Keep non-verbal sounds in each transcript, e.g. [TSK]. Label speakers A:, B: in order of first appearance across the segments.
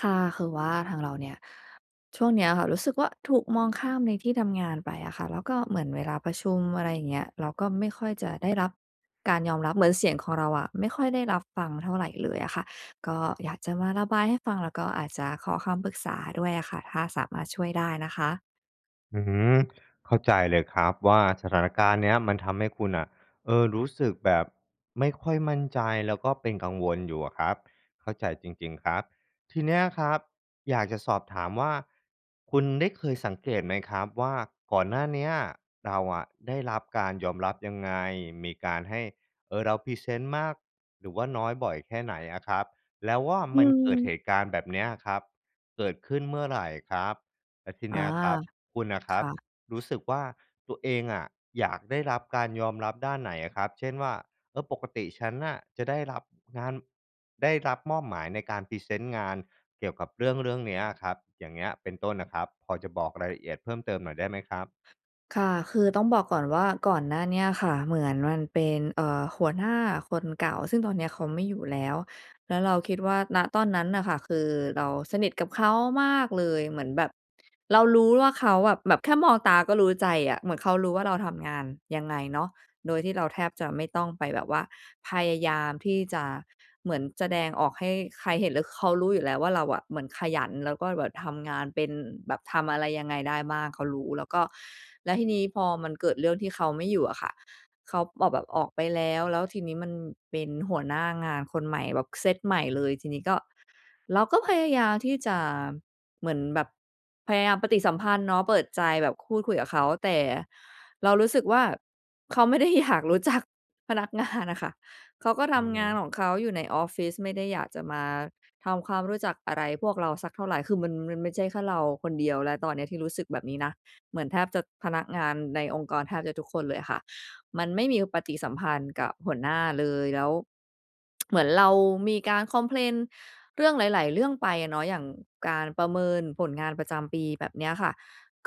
A: ค่ะ คือว่าทางเราเนี่ย ช่วงเนี้ยอะค่ะ รู้สึกว่าถูกมองข้ามในที่ทำงานไปอะค่ะ แล้วก็เหมือนเวลาประชุม อะไรอย่างเงี้ย เราก็ไม่ค่อยจะได้รับ การยอมรับ เหมือนเสียงของเราอะ ไม่ค่อยได้รับฟังเท่าไรเลยอะค่ะ ก็อยากจะมาระบายให้ฟัง แล้วก็อาจจะขอคำปรึกษาด้วยอะค่ะ ถ้าสามารถช่วยได้นะคะ
B: อือฮึ เข้าใจเลยครับว่า สถานการณ์เนี้ยมันทำให้คุณอะ เอ่อ รู้สึกแบบไม่ค่อยมั่นใจ แล้วก็เป็นกังวลอยู่อะครับ เข้าใจจริง ๆ ครับ ทีเนี้ยอะครับ อยากจะสอบถามว่า คุณได้เคยสังเกตไหมครับว่า ก่อนหน้าเนี้ยเราอะได้รับการยอมรับยังไง มีการให้ เออ เราพรีเซนต์มาก หรือว่าน้อย บ่อยแค่ไหนอะครับ? แล้วว่า
A: อื
B: มันเกิดเ
A: ม
B: หตุการณ์แบบเนี้ยครับ เกิดขึ้นเมื่อไรครับ? แล้วที
A: อ
B: เน
A: า
B: ี้ยอะครับ คุณอะค
A: ค
B: รับ
A: ่ะ
B: รู้สึกว่าตัวเองอะอยากได้รับการยอมรับด้านไหนอะครับ? เช่นว่า เออ ปกติฉันอะจะได้รับงาน ได้รับมอบหมายในการพรีเซนต์งานเกี่ยวกับเรื่องเรื่องเนี้ยอะครับ อย่างเงี้ยเป็นต้นอะครับ พอจะบอกรายละเอียดเพิ่มเติมหน่อยได้ไหมครับ?
A: ค่ะ คือต้องบอกก่อนว่าก่อนหน้านี้อะค่ะ เหมือนมันเป็น เอ่อ หัวหน้าคนเก่า ซึ่งตอนเนี้ยเขาไม่อยู่แล้ว แล้วเราคิดว่า ณ ตอนนั้นอะค่ะ คือเราสนิทกับเขามากเลย เหมือนแบบเรารู้ว่าเขาอะ แบบแค่มองตาก็รู้ใจอะ เหมือนเขารู้ว่าเราทำงานยังไงเนาะ โดยที่เราแทบจะไม่ต้องไปแบบว่าพยายามที่จะเหมือนแสดงออกให้ใครเห็นเลย คือเขารู้อยู่แล้วว่า เราอะเหมือนขยัน แล้วก็แบบทำงานเป็น แบบทำอะไรยังไงได้บ้าง เขารู้ แล้วก็ แล้วทีนี้พอมันเกิดเรื่องที่เขาไม่อยู่อะค่ะ เขาบอกแบบออกไปแล้ว แล้วทีนี้มันเป็นหัวหน้างานคนใหม่แบบเซตใหม่เลย ทีนี้ก็ เราก็พยายามที่จะเหมือนแบบ พยายามปฏิสัมพันธ์เนาะ เปิดใจแบบพูดคุยกับเขา แต่เรารู้สึกว่า เขาไม่ได้อยากรู้จักพนักงานอะค่ะ เขาก็
B: อ
A: ท
B: ือฮ
A: ำง
B: ึ
A: านของเขาอยู่ในออฟฟิศ ไม่ได้อยากจะมา ทำความรู้จักอะไรพวกเราสักเท่าไร คือมัน มันไม่ใช่แค่เราคนเดียวแล้วตอนนี้ที่รู้สึกแบบนี้นะ เหมือนแทบจะ พนักงานในองค์กรแทบจะทุกคนเลยค่ะ มันไม่มีปฏิสัมพันธ์กับหัวหน้าเลย แล้ว [TSK] เหมือนเรามีการคอมเพลนเรื่องหลาย ๆ เรื่องไปอะเนาะ อย่างการประเมินผลงานประจำปีแบบเนี้ยค่ะ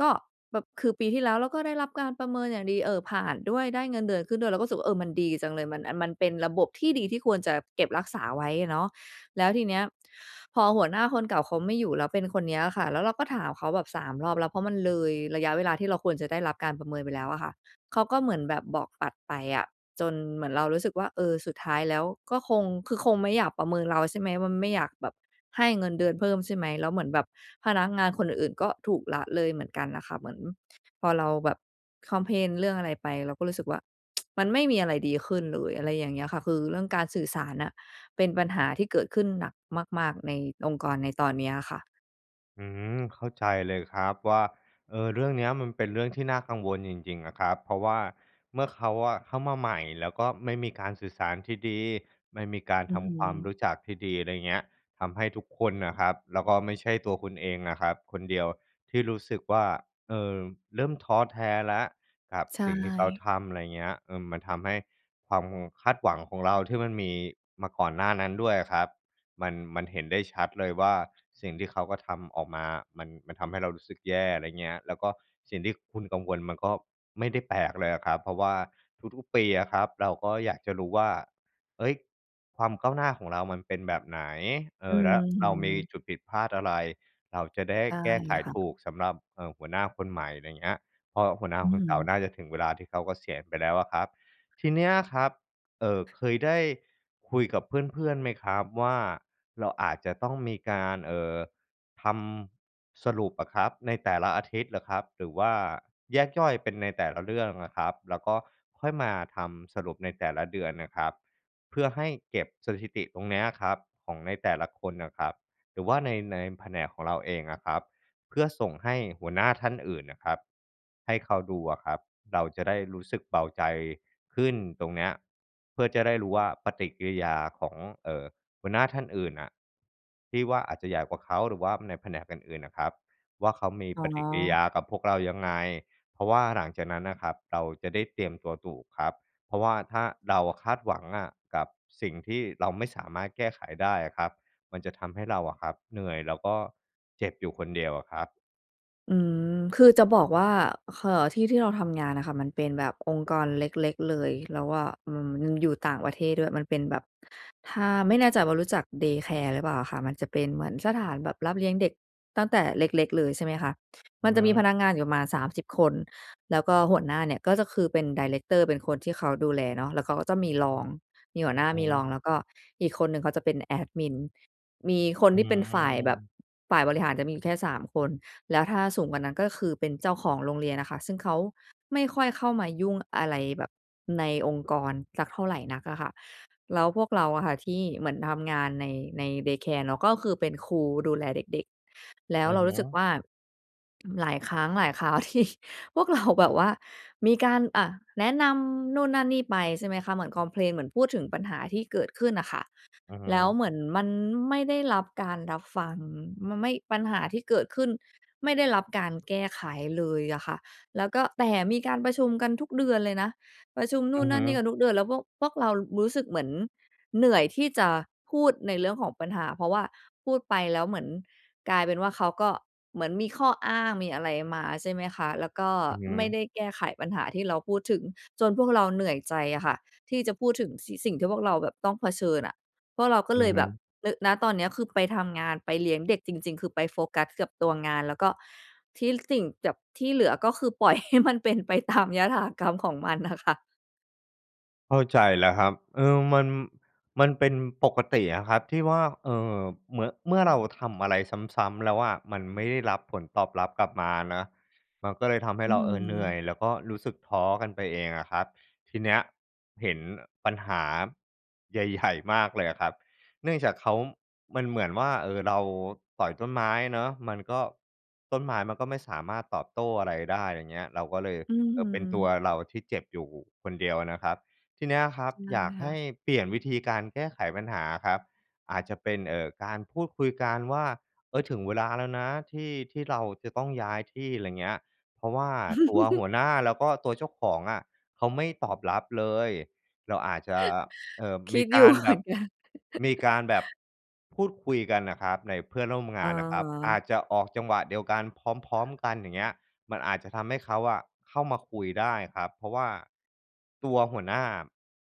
A: ก็แบบ คือปีที่แล้วเราก็ได้รับการประเมินอย่างดี เออ ผ่านด้วย ได้เงินเดือนขึ้นด้วย เราก็รู้สึกว่า เออ มันดีจังเลย มันอัน มันเป็นระบบที่ดีที่ควรจะเก็บรักษาไว้อะเนาะ แล้วทีเนี้ยพอหัวหน้าคนเก่าเขาไม่อยู่ แล้วเป็นคนเนี้ยอะค่ะ แล้วเราก็ถามเขาแบบ 3 รอบแล้ว เพราะมันเลยระยะเวลาที่เราควรจะได้รับการประเมินไปแล้วอะค่ะ เขาก็เหมือนแบบบอกตัดไปอะ จนเหมือนเรารู้สึกว่า เออ สุดท้ายแล้วก็คง คือคงไม่อยากประเมินเรา ใช่ไหม ว่า ม ไม่อยากแบบให้เงินเดือนเพิ่มใช่ไหม แล้วเหมือนแบบพนักงานคนอื่น ๆ ก็ถูกละเลยเหมือนกันอะค่ะ เหมือนพอเราแบบคอมเพลนเรื่องอะไรไป เราก็รู้สึกว่า [TSK] มันไม่มีอะไรดีขึ้นเลย อะไรอย่างเงี้ยค่ะ คือเรื่องการสื่อสารน่ะ เป็นปัญหาที่เกิดขึ้นหนักมาก ๆ ในองค์กรในตอนเนี้ยอะค่ะ
B: อืม เข้าใจเลยครับว่า เอ่อ เรื่องเนี้ยมันเป็นเรื่องที่น่ากังวลจริง ๆ อะครับ เพราะว่า เมื่อเขาอะเข้ามาใหม่ แล้วก็ไม่มีการสื่อสารที่ดี ไม่มีการ
A: อื
B: ท
A: อฮ
B: ำความร
A: ึ
B: ู้จักที่ดี อะไรอย่างเงี้ย ทำให้ทุกคนน่ะครับ แล้วก็ไม่ใช่ตัวคุณเองนะครับคนเดียวที่รู้สึกว่า เอ่อ เริ่มท้อแท้แล้วครับ
A: ใช
B: สิ่งที่เขา
A: ่
B: ทำ อะไรเงี้ย เออ มันทำให้ความคาดหวังของเราที่มันมีมาก่อนหน้านั้นด้วยอะครับ มัน มันเห็นได้ชัดเลยว่า สิ่งที่เขากระทำออกมา มัน มันทำให้เรารู้สึกแย่ อะไรอย่างเงี้ย แล้วก็สิ่งที่คุณกังวลมันก็ไม่ได้แปลกเลยอะครับ เพราะว่าทุก ๆ ปีอะครับ เราก็อยากจะรู้ว่า เฮ้ย ความก้าวหน้าของเรามันเป็นแบบไหน เอ
A: อื
B: ่อ แล้วเรามี
A: อ
B: จุดผิดพลาดอะไร เราจะได้
A: ใช่
B: แก้ไข
A: ค่
B: ถ
A: ะ
B: ูกสำหรับ เอ่อ หัวหน้าคนใหม่ อะไรอย่างเงี้ย เพราะหัวหน้า
A: อื
B: คนเก่า
A: อ
B: น่าจะถึงเวลาที่เขาเกษียณไปแล้วอะครับ ทีเนี้ยครับ เอ่อ เคยได้คุยกับเพื่อน ๆ ไหมครับว่า เราอาจจะต้องมีการ เอ่อ ทำ สรุปอะครับในแต่ละอาทิตย์อะครับ หรือว่าแยกย่อยเป็นในแต่ละเรื่องอะครับ แล้วก็ค่อยมาทำสรุปในแต่ละเดือนน่ะครับ เพื่อให้เก็บสถิติตรงเนี้ยครับของในแต่ละคนอะครับ หรือว่าใน ในแผนกของเราเองอะครับ เพื่อส่งให้หัวหน้าท่านอื่นน่ะครับ ให้เขาดูอะครับ เราจะได้รู้สึกเบาใจขึ้นตรงเนี้ย เพื่อจะได้รู้ว่าปฏิกิริยาของ เอ่อ หัวหน้าท่านอื่นน่ะที่ว่าอาจจะใหญ่กว่าเขา หรือว่าในแผนกอื่น ๆ น่ะครับว่า เขามี
A: อ๋
B: ปฏิกิริย
A: อ
B: ากับพวกเรายังไง เพราะว่าหลังจากนั้นน่ะครับ เราจะได้เตรียมตัวถูกครับ เพราะว่า ถ้าเราอะคาดหวังอะกับสิ่งที่เราไม่สามารถแก้ไขได้อะครับ มันจะทำให้เราอะครับ เหนื่อยแล้วก็เจ็บอยู่คนเดียวอะครับ
A: อืม คือจะบอกว่า ค เอ่อ ที่ ที่เราทำงานน่ะค่ะมันเป็นแบบองค์กรเล็ก ๆ เลย เราว่า อืม ยึง อยู่ต่างประเทศด้วย มันเป็นแบบ ถ้า ไม่แน่ใจว่า รู้จัก เดย์แคร์ หรือเปล่าอะค่ะ มันจะเป็นเหมือนสถานแบบรับเลี้ยงเด็กตั้งแต่เล็ก ๆ เลยใช่ไหมคะ
B: อ
A: ม
B: ื
A: ั
B: อ
A: นจ
B: ฮ
A: ะมี
B: ึ
A: พนักงานอยู่ประมาณสามสิบคน แล้วก็หัวหน้าเนี่ยก็จะคือเป็นไดเรกเตอร์ เป็นคนที่เขาดูแลเนาะ แล้วเขาก็จะมีรอง มีหัวหน้า
B: อือ
A: ม
B: ฮ
A: ีร
B: ึ
A: อง แล้วก็อีกคนหนึ่งเขาจะเป็นแอดมิน มีคน
B: อื
A: ที่เป็นฝ่ายแบบ
B: ม
A: ฝ่ายบริหารจะมีแค่สามคน แล้วถ้าสูงกว่านั้นก็คือเป็นเจ้าของโรงเรียนน่ะค่ะ ซึ่งเขาไม่ค่อยเข้ามายุ่งอะไรแบบในองค์กรสักเท่าไรนักอะค่ะ แล้วพวกเราอะค่ะที่เหมือนทำงานใน ใน เดย์แคร์ เนาะ ก็คือเป็นครูดูแลเด็ก ๆ แล้
B: อ
A: ว
B: ื
A: เ
B: อ
A: รา
B: ฮ
A: รู้สึก
B: ึ
A: ว่า อืม หลายครั้งหลายคราว ที่พวกเรา แบบว่ามีการ อ่า แนะนำนู่นนั่นนี่ไปใช่ไหมคะ เหมือนคอมเพลน เหมือนพูดถึงปัญหาที่เกิดขึ้นน่ะค่ะ
B: อือฮึ
A: แล้วเหมือนมันไม่ได้รับการรับฟัง มันไม่ ปัญหาที่เกิดขึ้นไม่ได้รับการแก้ไขเลยอะค่ะ แล้วก็ แต่มีการประชุมกันทุกเดือนเลยนะ ประชุมน
B: อื
A: ู่
B: อ
A: นน
B: ฮ
A: ั
B: ึ
A: ่นนี่กันทุกเดือน แล้วพวก พวกเรา ร รู้สึกเหมือนเหนื่อยที่จะพูดในเรื่องของปัญหา เพราะว่าพูดไปแล้วเหมือนกลายเป็นว่า เขาก็เหมือนมีข้ออ้าง มีอะไรมาใช่ไหมคะ แล้วก็
B: อือฮ
A: ไม่
B: ึ
A: ได้แก้ไขปัญหาที่เราพูดถึง จนพวกเราเหนื่อยใจอะค่ะที่จะพูดถึง สี่ สิ่งที่พวกเราแบบต้องเผชิญอะ พวกเราก็
B: อื
A: เล
B: อ
A: ย
B: ฮ
A: แบบ
B: ึ
A: รึ่ ณ ตอนเนี้ยคือไปทำงาน ไปเลี้ยงเด็กจริง ๆ คือไปโฟกัสกับตัวงาน แล้วก็ที่สิ่งแจ่บ ที่เหลือก็คือ ปล่อยให้มันเป็นไปตามยถากรรมของมันน่ะค่ะ
B: เข้าใจแล้วครับ เออ มัน มันเป็นปกติอะครับที่ว่า เอ่อ เหมือ เมื่อเราทำอะไรซ้ำ ๆ แล้วอะ มันไม่ได้รับผลตอบรับกลับมานะ มันก็เลยทำให้
A: อื้
B: เ
A: อ
B: รา เอ
A: ฮื
B: อ เหนื่อย
A: อ
B: แล้วก็รู้สึกท้อกันไปเองอะครับ ทีเนี้ยเห็น อ ปัญหา ใหญ่ ๆ มากเลยอะครับ เนื่องจากเขา มันเหมือนว่า เออ เราต่อยต้นไม้เนาะ มันก็ ต้นไม้มันก็ไม่สามารถตอบโต้อะไรได้ อย่างเงี้ย เราก็เลย
A: อือ
B: เอ
A: ฮ
B: อ
A: ึ
B: เป็นตัวเราที่เจ็บอยู่คนเดียวนะครับ ทีนี้อะครับ
A: ได้
B: อย
A: เล
B: าก
A: ยค
B: ใ
A: ่
B: ห้
A: ะ
B: เปลี่ยนวิธีการแก้ไขปัญหาครับ อาจจะเป็น เอ่อ การพูดคุยกันว่า เออ ถึงเวลาแล้วนะที่ ที่เราจะต้องย้ายที่ อะไรเงี้ย เพราะว่าตัวหั
A: [CHUCKLES]
B: วหน้าแล้วก็ตัวเจ้าของอะเขาไม่ตอบรับเลย เราอาจจะ เอ
A: [CHUCKLES]
B: ่อ
A: ค
B: ม
A: ิ
B: ี
A: ด อ
B: ก
A: ยู่
B: าร
A: เห
B: แ
A: ม
B: บ
A: ือ
B: บ
A: นกัน
B: มีการแบบพูดคุยกันน่ะครับในเพื่อนร่วม
A: อ
B: ง
A: ะฮ
B: านน่ะครับ อ
A: ะ
B: าจจะออกจังหวะเดียวกันพร้อม ๆ กัน อย่างเงี้ย มันอาจจะทำให้เขาอะเข้ามาคุยได้ครับ เพราะว่าตัวหัวหน้า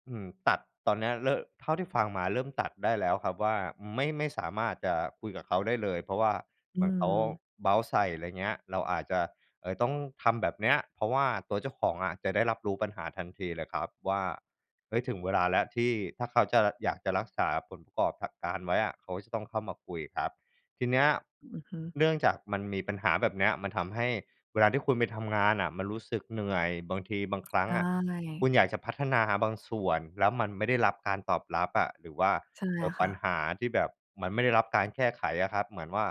B: อืม ตัด ตอนนี้อะเลอะ เท่าที่ฟังมาเริ่มตัดได้แล้วครับว่า ไม่ ไม่สามารถจะคุยกับเขาได้เลย เพราะว่า
A: อ
B: เ
A: ื
B: หมือนเขา
A: ม
B: เบาท์ใส่ อะไรเงี้ย เราอาจจะ เอ่อ ต้องทำแบบเนี้ย เพราะว่าตัวเจ้าของอะจะได้รับรู้ปัญหาทันทีเลยครับว่า เฮ่ย! ถึงเวลาแล้วที่ถ้าเขาจะ อยากจะรักษาผลประกอบ การไว้อะ เขาจะต้องเข้ามาคุยครับ ทีนี้อะ
A: อือฮึ
B: เนื่องจากมันมีปัญหาแบบเนี้ย มันทำให้เวลาที่คุณไปทำงานอะมันรู้สึกเหนื่อย บางที บางครั้
A: ใช
B: งอะคุ
A: ่
B: ณอยากจะพัฒนาบางส่วนแล้วมันไม่ได้รับการตอบรับอะ หรือว่า
A: ใช่
B: เออ
A: ค
B: ป
A: ่
B: ัญ
A: ะ
B: หาที่แบบมันไม่ได้รับการแก้ไขอะครับ เหมือนว่า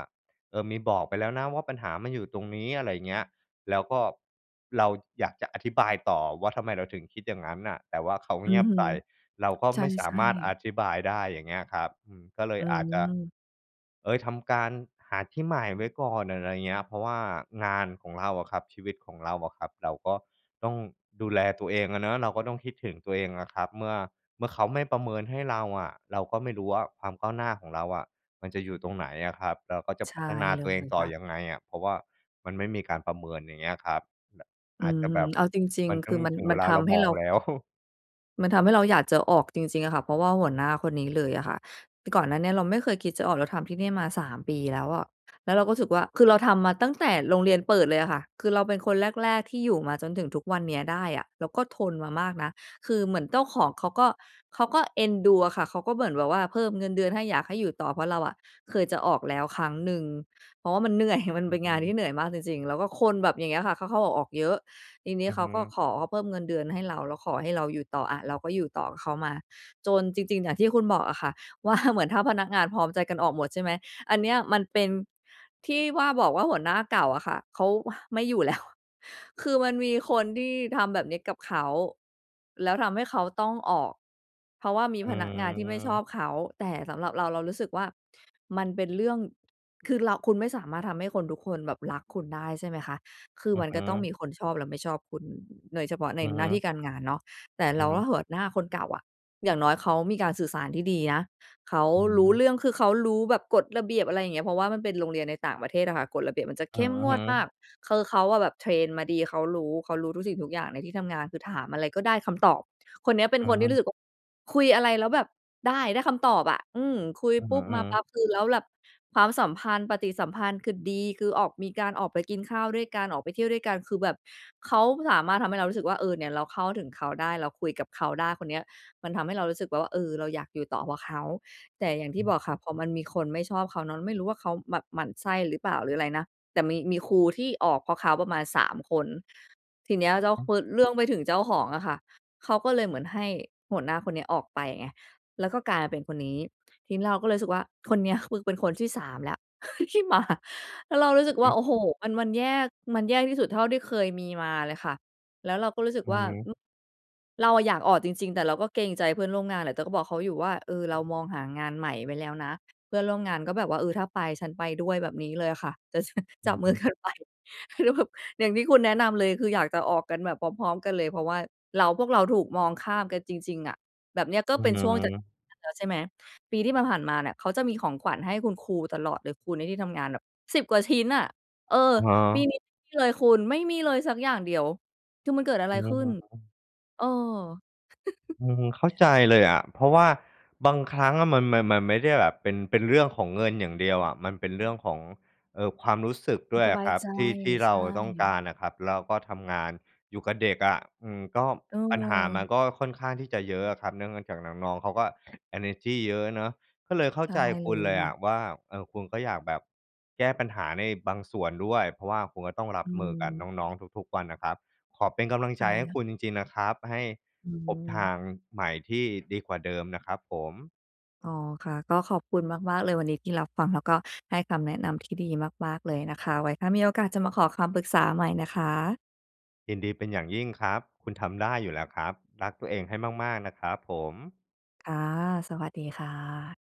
B: เออ มีบอกไปแล้วนะว่า ปัญหามันอยู่ตรงนี้ อะไรอย่างเงี้ย แล้วก็เราอยากจะอธิบายต่อว่า ทำไมเราถึงคิดอย่างงั้นน่ะ แต่ว่าเขา
A: อ
B: เ
A: ื
B: งี
A: อ
B: ยบ
A: ฮึ
B: ใส่ เราก็
A: ใช
B: ไ
A: ่
B: ม่สามารถอ
A: ๆ
B: ธิบายได้ อย่างเงี้ยครับ อืม ก็เล
A: อื
B: ยอาจจะ
A: ม
B: เฮ่ย! ทำการหาที่ใหม่ไว้ก่อน อะไรเงี้ย เพราะว่างานของเราอะครับ ชีวิตของเราอะครับ เราก็ต้องดูแลตัวเองอะเนาะ เราก็ต้องคิดถึงตัวเองอะครับ เมื่อ เมื่อเขาไม่ประเมินให้เราอะ เราก็ไม่รู้ว่า ความก้าวหน้าของเราอะมันจะอยู่ตรงไหนอะครับ? เราก็จะ
A: ใช
B: พั
A: ่
B: ฒนา
A: เล
B: ตัวเอง
A: ย
B: ต่
A: ค
B: อ
A: ่ะ
B: ยังไงอะ? เพราะว่ามันไม่มีการประเมิน อย่างเงี้ยครับ แบบ
A: อื
B: อาจ
A: อ
B: จะ
A: ฮึ
B: แบบ
A: เอาจริง
B: มัน
A: ๆ
B: ต
A: ค
B: ้
A: ื
B: อ
A: อ
B: ง
A: มัน
B: ถึง
A: ม
B: เ
A: ั
B: ว
A: น
B: ล
A: ท
B: าเรา
A: ำให้
B: มอ
A: เร
B: ง
A: า
B: แล้ว [CHUCKLES]
A: มันทำให้เราอยากจะออกจริง ๆ อะค่ะ เพราะว่าหัวหน้าคนนี้เลยอะค่ะ ก่อนหน้านี้เราไม่เคยคิดจะออก เราทำที่นี่มา 3 ปีแล้วอะ แล้วเราก็รู้สึกว่า คือเราทำมาตั้งแต่โรงเรียนเปิดเลยอะค่ะ คือเราเป็นคนแรก ๆ ที่อยู่มาจนถึงทุกวันเนี้ยได้อะ เราก็ทนมามากนะ คือเหมือนเจ้าของเขาก็ เขาก็เอ็นดูอะค่ะ เขาก็เหมือนแบบว่าเพิ่มเงินเดือนให้ อยากให้อยู่ต่อ เพราะเราอะเคยจะออกแล้วครั้งหนึ่ง เพราะมันเหนื่อย มัน
B: โอ
A: เป
B: ้
A: ็น
B: โฮ
A: งา
B: ม
A: น
B: ัน
A: ที่เหนื่อยมากจริง ๆ แล้วก็คนแบบอย่างเงี้ยค่ะ เข้า ๆ ออก ๆ เยอะ ทีเนี้
B: อ
A: ย
B: ะ
A: เข
B: ฮ
A: าก็
B: ะ
A: ขอเพิ่มเงินเดือนให้เรา แล้วขอให้เราอยู่ต่อ อะ เราก็อยู่ต่อกับเขามา จนจริง ๆ อย่างที่คุณบอกอะค่ะ ว่า เหมือนถ้าพนักงานพร้อมใจกันออกหมดใช่ไหม? อันเนี้ยมันเป็น ที่ว่าบอกว่าหัวหน้าเก่าอะค่ะ เขา อ่า ไม่อยู่แล้ว คือมันมีคนที่ทำแบบนี้กับเขา แล้วทำให้เขาต้องออก เพราะว่ามีพนักงานที่ไม่ชอ
B: อา
A: บเขา แต่สำหรับเรา เรารู้สึกว่ามันเป็นเรื่อง คือเรา คุณไม่สามารถทำให้คนทุกคนแบบรักคุณได้ ใช่ไหมคะ คือ
B: อ
A: ม
B: ะ
A: ัน
B: ฮ
A: ก็ต้องม
B: ะ
A: ีคนชอบและไม่ชอบคุณ น โดยเฉพาะใน
B: อะ
A: หน
B: ฮ
A: ้าท
B: ะ
A: ี่การงานเนาะ แต่
B: อ
A: เรา
B: ะฮ
A: ก็
B: ะ
A: ห หัวหน้าคนเก่าอะ อย่างน้อยเขามีการสื่อสารที่ดีนะ เขา
B: อื
A: รู้
B: อ
A: เรื่อง คือเขารู้แบบกฎระเบียบ อะไรอย่างเงี้ย เพราะว่ามันเป็นโรงเรียนในต่างประเทศอะค่ะ กฎระเบียบมันจะเ
B: อ
A: ข
B: ะ
A: ้มง
B: ฮ
A: วดม
B: ะ
A: าก คือเขาอะ แบบเทรนมาดี เขารู้ เขารู้ทุกสิ่งทุกอย่างในที่ทำงาน คือถามอะไรก็ได้คำตอบ คนเนี้ยเป็น
B: อ
A: คนที่รู้
B: า
A: สึกว่า คุยอะไรแล้วแบบ ได้ ได้คำตอบอะ อือ คุย
B: อื้อ
A: ป
B: ฮ
A: ุ
B: ื
A: ๊
B: อ
A: บ
B: อ
A: ม
B: ื
A: าปั
B: อ
A: ๊บ คือแล้วแบบความสัมพันธ์ ปฏิสัมพันธ์คือดี คือออก มีการออกไปกินข้าวด้วยกัน ออกไปเที่ยวด้วยกัน คือแบบเขาสามารถทำให้เรารู้สึกว่า เออ เนี่ยเราเข้าถึงเขาได้ เราคุยกับเขาได้ คนเนี้ย มันทำให้เรารู้สึกแบบว่า เออ เราอยากอยู่ต่อเพราะเขา แต่อย่างที่บอกค่ะ พอมันมีคนไม่ชอบเขาเนาะ ไม่รู้ว่าเขาแบบหมั่นไส้หรือเปล่า หรืออะไรนะ แต่มี มีครูที่ออกเพราะเขาประมาณ 3 คน ทีเนี้ย เจ้าคน เรื่องไปถึงเจ้าของอะค่ะ เขาก็เลยเหมือนให้หัวหน้าคนนี้ออกไปไง แล้วก็กลายมาเป็นคนนี้ ทีนี้เราก็เลยรู้สึกว่า คนเนี้ยคือเป็นคนที่ 3 แล้ว ที่มา แล้วเรารู้
B: อ
A: สึ
B: ื
A: ก
B: อ
A: ว่
B: ฮ
A: า
B: ึ
A: โอ้โฮ! มัน มันแย่ มันแย่ที่สุดเท่าที่เคยมีมาเลยค่ะ แล้วเราก็รู้สึก
B: อื
A: ว
B: อ
A: ่า
B: ฮ
A: อ
B: ึ
A: เราอะอยากออกจริง ๆ แต่เราก็เกรงใจเพื่อนร่วมงานแหละ แต่ก็บอกเขาอยู่ว่า เออ เรามองหางานใหม่ไว้แล้วนะ เพื่อนร่วมงานก็แบบว่า เออ ถ้าไปฉันไปด้วย แบบนี้เลยอะค่ะ จะ
B: อ
A: จ
B: ื
A: ั
B: อ
A: บม
B: ฮ
A: ือ
B: ึ
A: กันไป ก็แบบอย่างที่คุณ แนะนำเลย คืออยากจะออกกันแบบพร้อม ๆ กันเลย เพราะว่าเรา พวกเราถูกมองข้ามกันจริง ๆ อะ แบบเนี้ยก็
B: อื
A: เป
B: อ
A: ็น
B: ฮ
A: ช่วงจะ
B: ึ
A: แล้วใช่ไหม ปีที่ผ่าน ๆ มาเนี่ย เขาจะมีของขวัญให้คุณครูตลอดเลย ครูในที่ทำงานแบบ 10 กว่าชิ้นอะ เออ
B: อะฮ
A: ปี
B: ะ
A: นี้ไม่มีเลยคุณ ไม่มีเลยสักอย่างเดียว คือมันเกิดอะไร
B: อื
A: ข
B: อ
A: ึ้
B: ฮ
A: น?
B: ึ
A: เออ
B: อือ เข้า
A: [CHUCKLES]
B: ใจเลยอะ เพราะว่าบางครั้งมัน มัน มันไม่ได้แบบเป็น เป็นเรื่องของเงินอย่างเดียวอะ มันเป็นเรื่องของ เออ ความรู้สึก
A: คว
B: ด
A: าม
B: ้วย
A: ส
B: อ
A: บ
B: ะ
A: า
B: ค
A: ย
B: รับ
A: ใจ
B: ที่ ที่เร
A: ใช
B: าต้องก
A: ่
B: ารอะครับ แล้วก็ทำงานอยู่กับเด็กอะ อือ ก็ ปัญหามัน
A: เออ
B: ก็ค่อนข้างที่จะเยอะอะครับ เนื่องในจากน้อง ๆ เขาก็เอเนอร์จีเยอะเนาะ ก็เลยเข้
A: ใช
B: า
A: ่
B: ใจ
A: เ
B: ค
A: ล
B: ุณ
A: ย
B: เลย
A: ค
B: อ
A: ่ะ
B: ะว่า เออ คุณก็อยากแบบ แก้ปัญหาในบางส่วนด้วย เพราะว่าคุณก็ต้องร
A: อ
B: ับมือกับน
A: ืม
B: ้อง ๆ ทุก ๆ วันนะครับ ขอเป็นกำลัง
A: ใช
B: ใจให้
A: ่
B: คุณจริง ๆ นะครับ ให้
A: อื
B: พบทา
A: ม
B: งใหม่ที่ดีกว่าเดิมนะครับผม
A: อ๋อ ค่ะ ก็ขอบคุณมาก ๆ เลยวันนี้ที่รับฟัง แล้วก็ให้คำแนะนำที่ดีมาก ๆ เลยนะคะ ไว้ถ้ามีโอกาส จะมาขอคำปรึกษาใหม่นะคะ
B: ยินดีเป็นอย่างยิ่งครับ คุณทำได้อยู่แล้วครับ รักตัวเองให้มาก ๆ นะครับผม
A: ค่ะ สวัสดีค่ะ